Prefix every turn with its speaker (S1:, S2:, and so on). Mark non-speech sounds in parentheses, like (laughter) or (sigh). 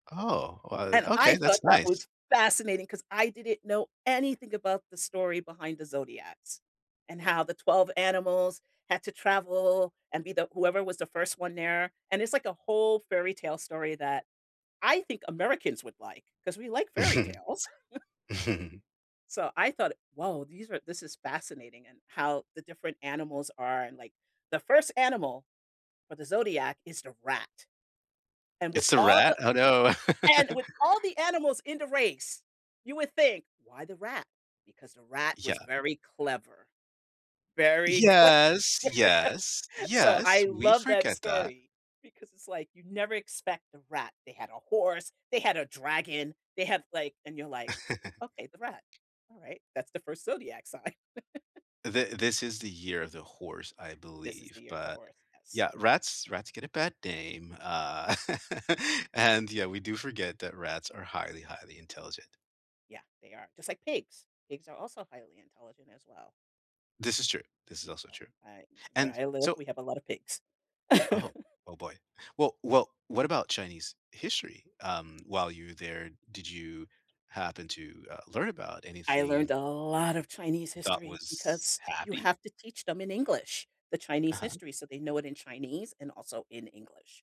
S1: Oh,
S2: And
S1: uh,
S2: I
S1: okay,
S2: thought
S1: that's
S2: that was
S1: nice.
S2: fascinating 'cause I didn't know anything about the story behind the zodiacs, and how the 12 animals had to travel and be the whoever was the 1st one there, and it's like a whole fairy tale story that I think Americans would like, 'cause we like fairy tales.
S1: (chuckles)
S2: (chuckles)
S1: (chuckles)
S2: So, I thought, "Whoa, these are this is fascinating," and how the different animals are and like, the 1st animal for the zodiac is the rat. And with
S1: It's a
S2: all
S1: rat?
S2: the
S1: Oh, no.
S2: and with all
S1: (chuckles)
S2: the animals in the race, you would think, "Why the rat?" Because the rat was
S1: Yeah.
S2: very clever, very clever.
S1: Yes, yes,
S2: So, I
S1: yes, we
S2: love that
S1: forget that.
S2: story because it's like, you never expect a rat. They had a horse, they had a dragon, they have like and you're like, "Okay, the rat,
S1: (chuckles)
S2: alright." That's the 1st zodiac sign. (chuckles)
S1: The this is the year of the horse, I
S2: This is the
S1: believe,
S2: year the
S1: but,
S2: horse, yes.
S1: yeah,
S2: (chuckles)
S1: rats rats get a bad dame, uh, (chuckles) and, yeah, we do forget that rats are highly, highly intelligent.
S2: Yeah, they are, just like pigs. Pigs are also highly intelligent as well.
S1: This is true, this is
S2: So
S1: also true.
S2: I where
S1: And
S2: I live,
S1: so
S2: we have a lot of pigs.
S1: Oh,
S2: (chuckles)
S1: oh, boy. Well well, what about Chinese history? Um, while you were there, did you happen to, uh, learn about
S2: I
S1: anything
S2: learned a lot of Chinese
S1: you thought
S2: history
S1: was
S2: because you
S1: happy?
S2: have to teach them in English. The Chinese
S1: Uh-huh.
S2: history, so they know it in Chinese and also in English.